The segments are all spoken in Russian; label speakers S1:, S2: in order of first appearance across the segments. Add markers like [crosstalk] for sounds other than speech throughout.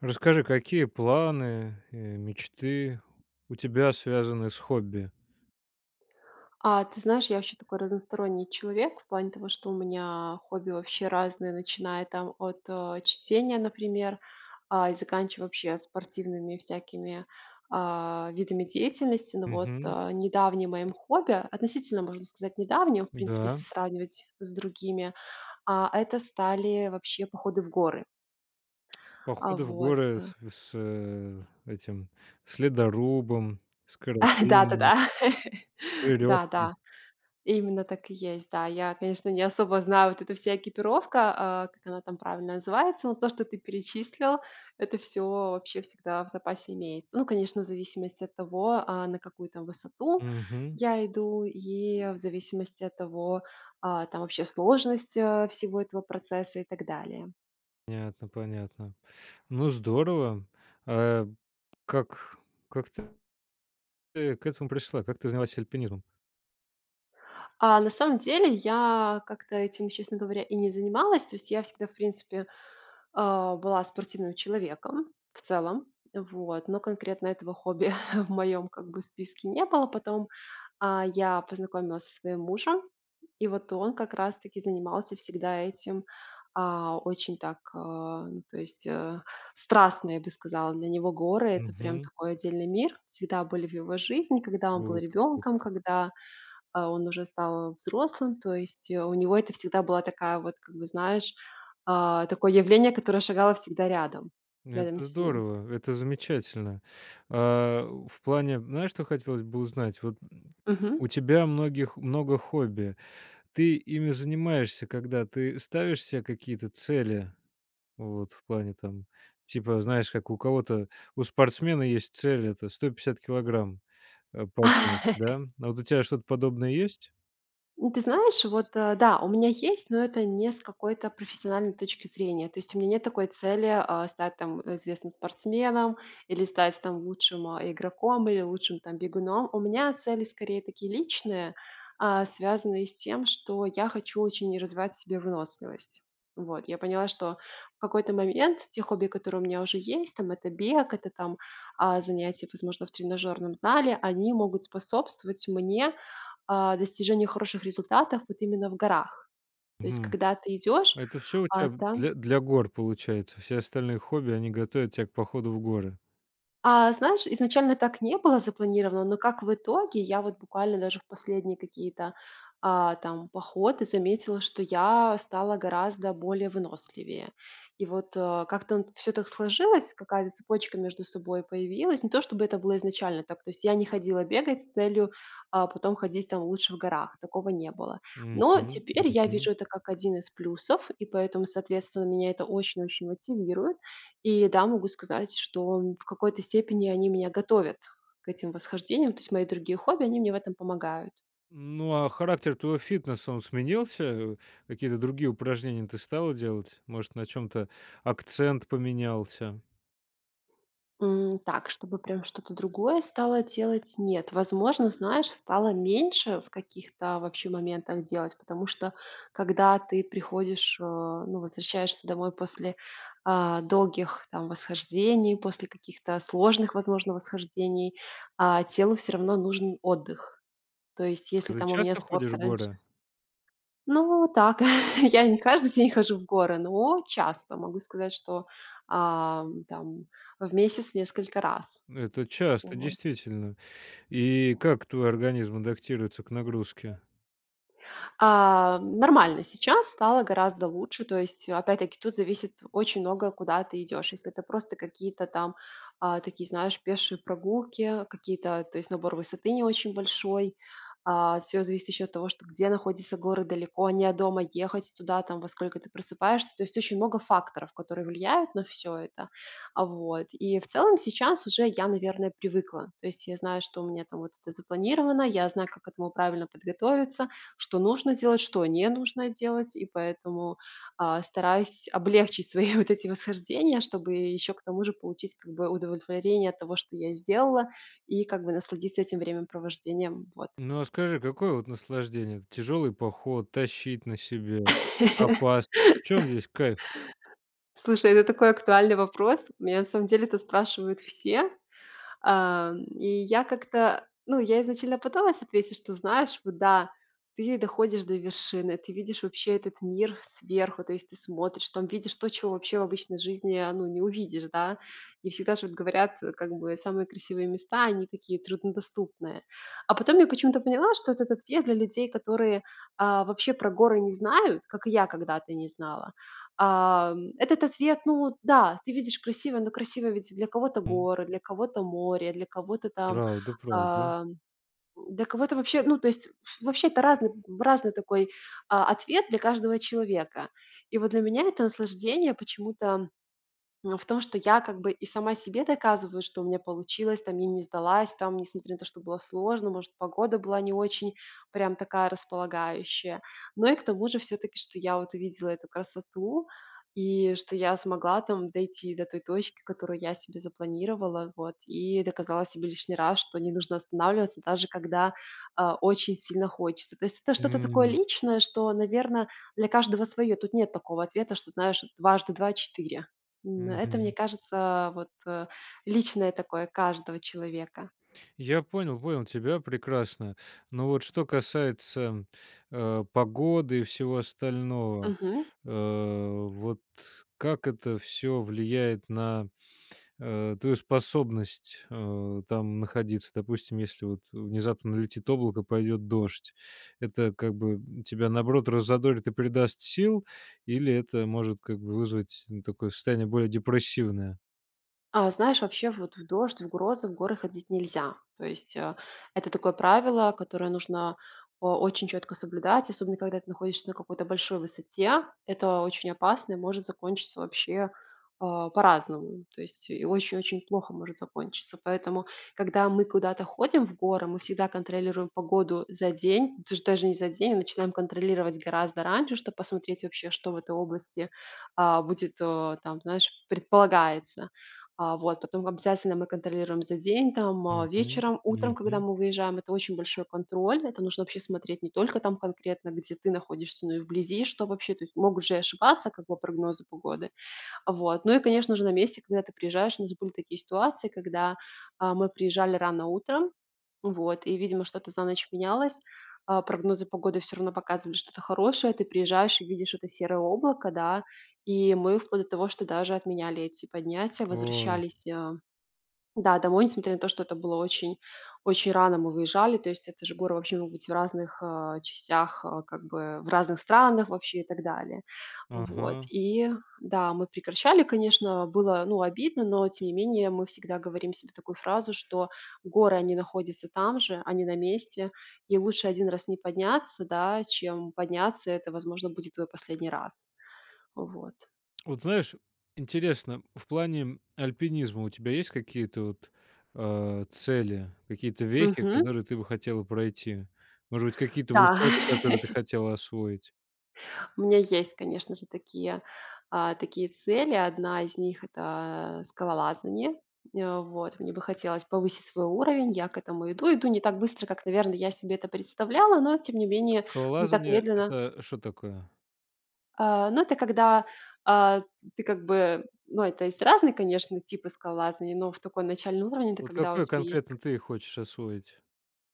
S1: Расскажи, какие планы, э, мечты у тебя связаны с хобби?
S2: А ты знаешь, я вообще такой разносторонний человек в плане того, что у меня хобби вообще разные, начиная там от, э, чтения, например, а, и заканчивая вообще спортивными всякими, а, видами деятельности. Но вот,
S1: Мгм.
S2: э, недавним моим хобби, относительно можно сказать недавним, в принципе,
S1: Да.
S2: если сравнивать с другими, а, это стали вообще походы в горы. А,
S1: Походы в
S2: вот,
S1: горы
S2: да.
S1: с с э, этим, с ледорубом, с
S2: [chuckles]
S1: карабином
S2: Да-да-да! [laughs]
S1: с верёвкой.
S2: Да-да! Именно так и есть. Да, я, конечно, не особо знаю, вот эта вся экипировка, а, как она там правильно называется, но то, что ты перечислил, это всё вообще всегда в запасе имеется. Ну, конечно, в зависимости от того, а, на какую там высоту
S1: Мгм.
S2: я иду, и в зависимости от того, а, там вообще сложность, э, всего этого процесса и так далее.
S1: Понятно, понятно. Ну здорово. А, как как ты к этому пришла, как ты занялась альпинизмом?
S2: А, на самом деле, я как-то этим, честно говоря, и не занималась. То есть я всегда, в принципе, а, была спортивным человеком, в целом. Вот. Но конкретно этого хобби [chuckles] в моём как бы списке не было. Потом, а, я познакомилась со своим мужем, и вот он, как раз таки, занимался всегда этим, а, очень так, а, то есть, э, страстно, я бы сказала. Для него горы- это прям
S1: Мгм.
S2: такой отдельный мир. Всегда были в его жизни, когда он был
S1: Круто,
S2: ребенком,
S1: круто.
S2: когда, а, он уже стал взрослым, то есть, э, у него это всегда была такая вот, как бы знаешь, а, такое явление, которое шагало всегда рядом,
S1: Ну,
S2: рядом
S1: это
S2: с ним.
S1: здорово. Это замечательно. А, в плане, знаешь, что хотелось бы узнать? Вот, м,
S2: Мгм.
S1: у тебя многих много хобби. Ты ими занимаешься когда, ты ставишь се какие-то цели? Вот в плане, там, типа, знаешь, как у кого-то, у спортсмена есть цель- это 150 килограмм, э, поднять. Да?
S2: [laughs]
S1: А вот у тя что-то подобное есть?
S2: У ты знаешь, вот, э, да, у меня есть, но это не с какой-то профессиональной точки зрения. То есть у меня нет такой цели, а, стать там известным спортсменом или стать, там лучшим, э, игроком, или лучшим там бегуном. У меня цели скорее такие личные, а, связанные с тем, что я хочу очень развивать в себе выносливость. Вот. Я поняла, что в какой-то момент те хобби, которые у меня уже есть, там это бег, это, там, а, занятия, возможно, в тренажерном зале, они могут способствовать мне, а, достижению хороших результатов вот именно в горах. То есть
S1: Мгм.
S2: когда ты идешь,
S1: Это всё у тя
S2: а там
S1: для для гор, получается, все остальные хобби- они готовят тя к походу в горы.
S2: А, знаешь, изначально так не было запланировано, но как в итоге, я вот буквально даже в последние какие-то, а, там, походы заметила, что я стала гораздо более выносливее. И вот, э, как-то н всё так сложилось, какая-то цепочка между собой появилась. Не то, чтобы это было изначально так, то есть я не ходила бегать с целью, а, потом ходить там лучше в горах. Такого не было.
S1: Мгм,
S2: Но теперь я
S1: мгм.
S2: вижу это как один из плюсов, и поэтому, соответственно, меня это очень-очень мотивирует. И да, могу сказать, что, м, в какой-то степени они меня готовят к этим восхождениям. То есть мои другие хобби- они мне в этом помогают.
S1: Ну, а, характер твоего фитнеса, он сменился? Э, какие-то другие упражнения ты стала делать? Может, на чём-то акцент поменялся?
S2: М, так, чтобы, прям, что-то другое стала делать? Нет, возможно, знаешь, стала меньше в каких-то, вообще, моментах, делать, потому что, когда ты приходишь, э, ну, возвращаешься домой после, а, долгих, там, восхождений, после каких-то сложных, возможно, восхождений, а, телу, всё равно, нужен отдых. То есть, если,
S1: А, ты
S2: там, у меня
S1: часто
S2: спорт
S1: ходишь в
S2: раньше
S1: горы?
S2: Ну, так. [chuckles] Я не каждый день хожу в горы, но, часто. Могу сказать, что, а, там, в месяц несколько раз.
S1: Ну, это часто,
S2: Вот.
S1: действительно. И, как твой организм адаптируется к нагрузке?
S2: А, нормально, сейчас стало гораздо лучше. То есть, опять-таки, тут зависит очень многое, куда ты идешь. Если это просто какие-то, там, а, такие, знаешь, пешие прогулки, какие-то, то есть, набор высоты не очень большой. А, всё зависит еще от того, что: где находятся горы, далеко они от дома, ехать туда, там, во сколько ты просыпаешься. То есть, очень много факторов, которые влияют на всё это. А, вот, и, в целом, сейчас, уже, я, наверное, привыкла. То есть, я знаю, что у меня, там, вот это запланировано, я знаю, как к этому правильно подготовиться, что нужно делать, что не нужно делать. И, поэтому, а, стараюсь облегчить [chuckles] свои вот эти восхождения, чтобы, э, еще, к тому же, получить, как бы, удовлетворение от того, что я сделала, и, как бы, насладиться этим времяпровождением. Вот.
S1: Ну, а, скажи, какое вот, наслаждение? Это тяжелый поход- тащить на себе
S2: [laughs]
S1: опасность, в чем здесь кайф?
S2: Слушай, это такой актуальный вопрос. Меня, на самом деле, это спрашивают все. А, м, и я как-то, ну, я изначально пыталась ответить, что, знаешь, вот, да, ты доходишь до вершины, ты видишь вообще этот мир сверху, то есть, ты смотришь, там, видишь то, чего вообще в обычной жизни, а, ну, не увидишь, да. И, всегда ж, вот, говорят, как бы, самые красивые места, они, такие, труднодоступные. А, потом, я почему-то поняла, что этот ответ для людей, которые, а, вообще про горы не знают, как и я когда-то не знала. А, м, этот ответ, ну да, ты видишь красиво, но, красиво, ведь, для кого-то-
S1: М.
S2: горы, для кого-то- море, для кого-то, там,
S1: Правда, правда.
S2: а, для кого-то, вообще, ну, то есть, ф вообще, это разный м, разный такой, а, ответ для каждого человека. И, вот, для меня это наслаждение, почему-то, ну, в том, что я, как бы, и сама себе доказываю, что у меня получилось, там, я не сдалась, там, несмотря на то, что было сложно, может погода была не очень, прям, такая, располагающая. Но, и, к тому же, все-таки, что я, вот, увидела эту красоту, и, что, я смогла, там, дойти до той точки, которую я себе запланировала, вот, и доказала себе лишний раз, что не нужно останавливаться, даже когда, а, очень сильно хочется. То есть, это что-то такое
S1: М.
S2: личное, что, наверное, для каждого свое. Тут нет такого ответа, что, знаешь, дважды два четыре. М, это, мне
S1: Мгм.
S2: кажется, вот, э, личное такое, каждого человека.
S1: Я понял, понял тебя прекрасно. Но, вот, что касается, а, погоды и всего остального,
S2: Мгм.
S1: а, вот, как это всё влияет на, а, твою способность, а, там находиться? Допустим, если, вот, внезапно налетит облако, пойдет дождь. Это, как бы, м, тебя, наоборот, раззадорит и придаст сил, или это, может, как бы, вызвать, ну, такое состояние, более депрессивное?
S2: А, знаешь, вообще вот в дождь, в грозы, в горы ходить нельзя. То есть, э, это такое правило, которое нужно о очень четко соблюдать, особенно когда ты находишься на какой-то большой высоте. Это очень опасно и может закончиться вообще, а, по-разному. То есть и очень-очень плохо может закончиться. Поэтому, когда мы куда-то ходим в горы, мы всегда контролируем погоду за день, даж даже не за день, а начинаем контролировать гораздо раньше, чтоб посмотреть вообще, что в этой области, а, будет, о, там, знаешь, предполагается. А вот. Потом обязательно мы контролируем за день, там, а,
S1: Мгм.
S2: вечером, утром, когда
S1: Мгм.
S2: мы выезжаем. Это очень большой контроль, это нужно вообще смотреть не только там конкретно, где ты находишься, но и вблизи, что вообще. То есть могут же и ошибаться как бы прогнозы погоды. Вот, ну и конечно же на месте, когда ты приезжаешь, у нас были такие ситуации, когда, а, мы приезжали рано утром, вот, и видимо что-то за ночь менялось, а прогнозы погоды всё равно показывали что-то хорошее. Ты приезжаешь и видишь это серое облако, да. И мы вплоть до того, что даже отменяли эти поднятия,
S1: О.
S2: возвращались, а, да, домой несмотря на то, что это было очень очень рано мы выезжали, то есть это же горы вообще могут быть в разных, а, частях, а, как бы в разных странах вообще и так далее. Вот.
S1: Ага.
S2: И да, мы прекращали, конечно. Было ну обидно, но тем не менее мы всегда говорим себе такую фразу, что "горы они находятся там же, они на месте и лучше один раз не подняться, да, чем подняться, и это, возможно, будет твой последний раз". Вот.
S1: Вот знаешь, интересно, в плане альпинизма у тебя есть какие-то вот, а, цели, какие-то вехи,
S2: Мгм.
S1: которые ты бы хотела пройти, может быть, какие-то
S2: Да.
S1: высоты, которые ты
S2: [laughs]
S1: хотела освоить?
S2: У меня есть, конечно же, такие, а, такие цели. Одна из них- это, э, скалолазание. Э, вот. Мне бы хотелось повысить свой уровень. Я к этому иду, иду не так быстро, как, наверно, я себе это представляла, но, тем не
S1: А
S2: менее, не так
S1: скалолазание-
S2: медленно
S1: это что такое?
S2: А, ну, это когда, а, ты как бы Ну, это есть разные, конечно, типы скалолазания, но в такой начальный уровень- это
S1: Вот
S2: когда у
S1: какой
S2: тебя есть
S1: конкретно
S2: т
S1: ты хочешь освоить?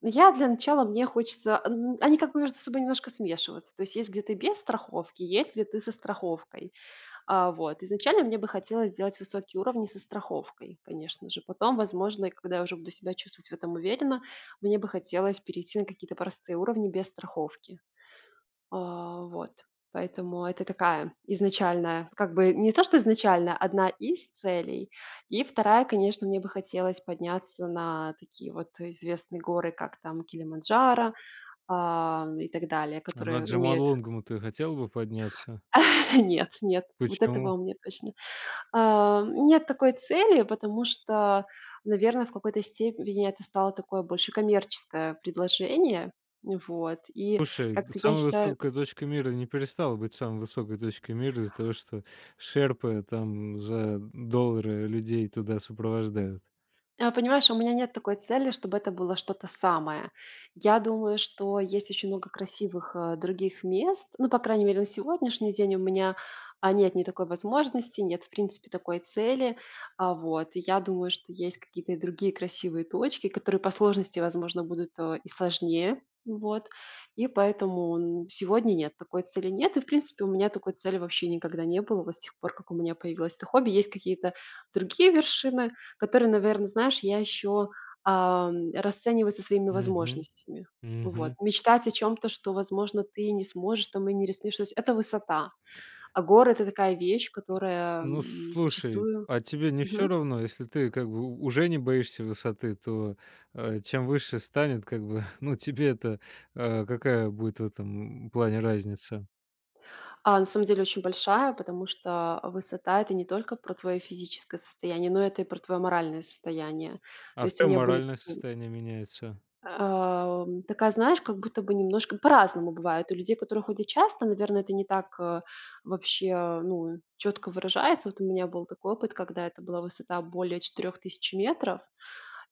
S2: Я, для начала, мне хочется, а н они как бы между собой немножко смешиваются. То есть, есть, где ты без страховки, и есть, где ты со страховкой. А, вот. Изначально мне бы хотелось сделать высокие уровни со страховкой, конечно же. Потом, возможно, и когда я уже буду себя чувствовать в этом уверенно, мне бы хотелось перейти на какие-то простые уровни без страховки. А, вот. Поэтому это такая изначальная, как бы, не то, что изначально, одна из целей. И 2- конечно, мне бы хотелось подняться на такие вот известные горы, как там Килиманджаро, а, и так далее,
S1: А на
S2: которые имеют
S1: Джомолунгму, ну ты хотела бы подняться?
S2: А, нет, нет вот этого
S1: Почему?
S2: у меня точно. Ам, нет такой цели, потому что, наверно, в какой-то степени это стало такое больше коммерческое предложение. Вот. И
S1: Слушай, да
S2: как-то я
S1: самая
S2: считаю
S1: высокая точка мира не перестала быть самой высокой точкой мира из-за того, что шерпы там за доллары людей туда сопровождают.
S2: А, понимаешь, у меня нет такой цели, чтобы это было что-то самое. Я думаю, что есть очень много красивых, э, других мест, ну, по крайней мере на сегодняшний день, у меня, а, нет ни такой возможности, нет, в принципе, такой цели, а, вот. И я думаю, что есть какие-то и другие красивые точки, которые по сложности, возможно, будут, э, и сложнее. Вот. И поэтому, м, сегодня- нет, такой цели нет и, в принципе, у меня такой цели вообще никогда не было. Вот с тех пор, как у меня появилось это хобби. Есть какие-то другие вершины, которые, наверно, знаешь, я еще, а, расцениваю со своими
S1: Мгм.
S2: возможностями. Вот.
S1: Мгм.
S2: Мечтать о чём-то, что, возможно, ты не сможешь там и не рискнешь: то есть это высота. А горы- это такая вещь, которая,
S1: Ну,
S2: м,
S1: слушай,
S2: зачастую
S1: а тебе не всё
S2: Мгм.
S1: равно? Если ты как бы у уже не боишься высоты, то, э, чем выше станет, как бы, ну, тебе-то, а, какая будет в этом плане разница?
S2: А, на самом деле, очень большая, потому что высота- это не только про твое физическое состояние, но это и про твое моральное состояние. То
S1: А в
S2: есть у
S1: чём
S2: меня были
S1: моральное
S2: такие
S1: состояние меняется?
S2: Ам, такая, знаешь, как будто бы немножко по-разному бывает. У людей, которые, ходят часто, наверное, это не так, э, вообще, э, ну, четко выражается. Вот у меня был такой опыт, когда это была высота более 4000 метров,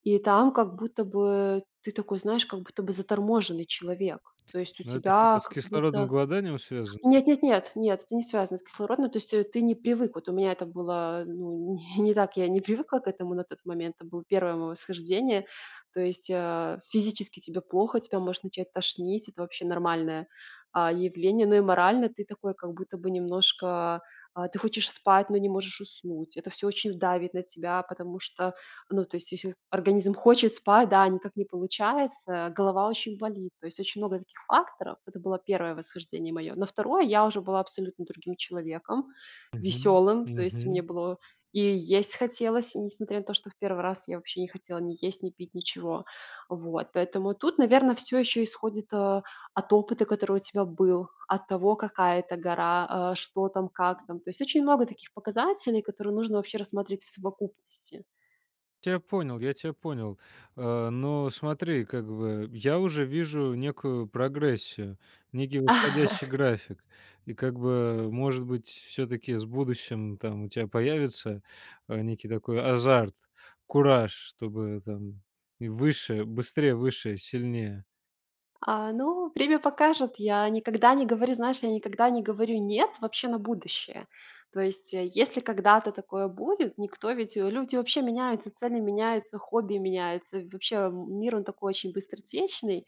S2: и там, как будто бы, ты такой, знаешь, как будто бы заторможенный человек. То есть у
S1: Ну это
S2: тебя
S1: что-то с
S2: как
S1: кислородным
S2: будто
S1: голоданием связано?
S2: Нет-нет-нет, нет! Это не связано с кислородны То есть ты не привык. Вот у меня это было, э, ну, не не так. Я не привыкла к этому на тот момент. это был 1 мое восхождение. То есть, э, физически тебе плохо, тебя может начать тошнить, это вообще нормальное, а, явление, но и морально ты такой, как будто бы немножко А, ты хочешь спать, но не можешь уснуть, это всё очень в давит на тебя, потому что, ну, то есть если организм хочет спать, да, а никак не получается, голова очень болит. То есть очень много таких факторов. Это было 1 восхождение мое. На 2 я уже была абсолютно другим человеком,
S1: Мгм.
S2: веселым, то есть мне
S1: Мгм.
S2: было и есть хотелось, и несмотря на то, что в 1 раз я вообще не хотела ни есть, ни пить, ничего. Вот. Поэтому тут, наверно, всё еще исходит, э, от опыта, который у тебя был, от того, какая это гора, э, что там, как там. То есть очень много таких показателей, которые нужно вообще рассмотреть в совокупности.
S1: Тя понял, я тя понял, а, но смотри, как бы, я уже вижу некую прогрессию, некий восходящий
S2: [chuckles]
S1: график. И как бы, может быть, все-таки с будущим там у тя появится, э, некий такой азарт, кураж, чтобы, там, и выше быстрее, выше, сильнее.
S2: А ну, время покажет. Я никогда не говорю знаешь, я никогда не говорю "нет" вообще на будущее. То есть, э, если когда-то такое будет, никто ведь, э люди вообще меняются, цели меняются, хобби меняются, вообще м мир он такой очень быстротечный.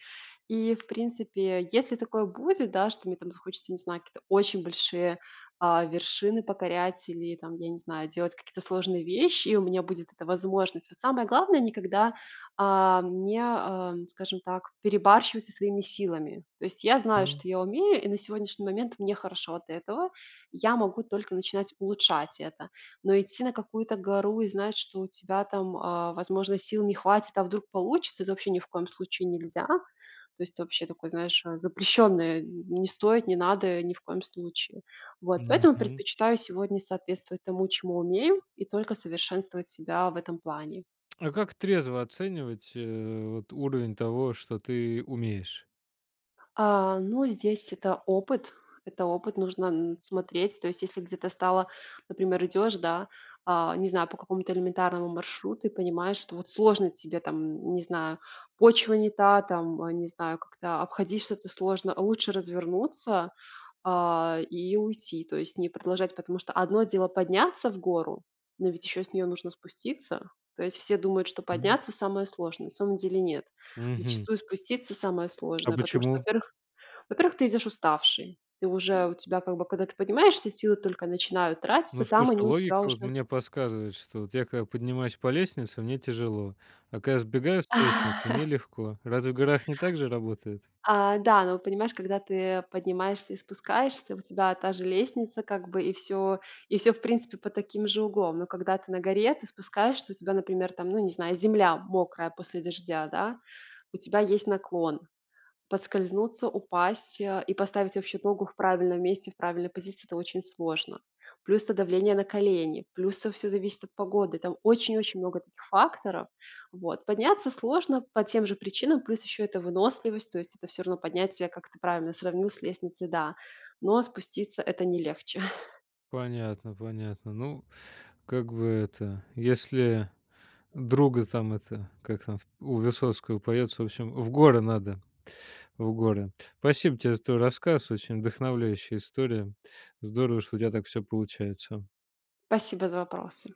S2: И, в принципе, если такое будет, да, что мне там захочется не знаю какие-то очень большие, а, вершины покорять или там, я не знаю, делать какие-то сложные вещи и у меня будет эта возможность. Вот самое главное никогда, а, м, не, эм, скажем так, перебарщивать со своими силами. То есть я знаю, что я умею, и на сегодняшний момент мне хорошо от этого. Я могу только начинать улучшать это. Но идти на какую-то гору и знать, что у тебя там, э, возможно сил не хватит- "а вдруг получится?"- это вообще ни в коем случае нельзя. То есть вообще такое знаешь, э, запрещенное не стоит, не надо ни в коем случае. Вот, поэтому
S1: Мгм.
S2: предпочитаю сегодня соответствовать тому, чему умею и только совершенствовать себя в этом плане.
S1: А как трезво оценивать, э, вот уровень того, что ты умеешь?
S2: А, ну здесь это опыт. Это опыт нужно н смотреть. То есть если где-то встала, например, идешь, да, а, не знаю, по какому-то элементарному маршруту и понимаешь, что вот сложно тебе там, н не знаю, почва не та, там, а, не знаю, как-то обходить что-то сложно, лучше развернуться, а, и уйти, то есть не продолжать. Потому что одно дело подняться в гору, но ведь еще с нее нужно спуститься. То есть все думают, что
S1: Мгм.
S2: подняться самое сложное. На самом деле нет.
S1: Мгм.
S2: Зачастую спуститься самое
S1: А
S2: сложное, потому что
S1: почему?
S2: во-первых во-первых ты идешь уставший. Ты уже у тебя как бы, когда ты поднимаешься силы только начинают тратиться,
S1: Ну
S2: там
S1: слушай,
S2: они у тебя
S1: логика вот
S2: уже
S1: мне подсказывает, что вот я когда поднимаюсь по лестнице, мне тяжело, а когда я сбегаю с лестницы мне
S2: [laughs]
S1: легко, разве в горах не так же работает?
S2: А, да, ну, понимаешь, когда ты поднимаешься и спускаешься, у тебя та же лестница как бы и всё и всё, в принципе, под таким же углом. Но когда ты на горе, ты спускаешься, у тебя, например, там, ну, не знаю, земля мокрая после дождя, да? У тебя есть наклон. Подскользнуться, упасть, э, и поставить вообще ногу в правильном месте, в правильной позиции это очень сложно. Плюс это давление на колени, плюс это всё зависит от погоды. Там очень-очень много таких факторов, вот. Подняться сложно по тем же причинам. Плюс еще это выносливость, то есть это всё равно поднятие как ты правильно сравнил с лестницей да. Но спуститься это не легче.
S1: Понятно, понятно. Ну, как бы это, если друга там это как там в у Высоцкого поется в общем в горы надо, в горы. Спасибо тебе за твой рассказ, очень вдохновляющая история, здорово что у тебя так всё получается.
S2: Спасибо за вопросы!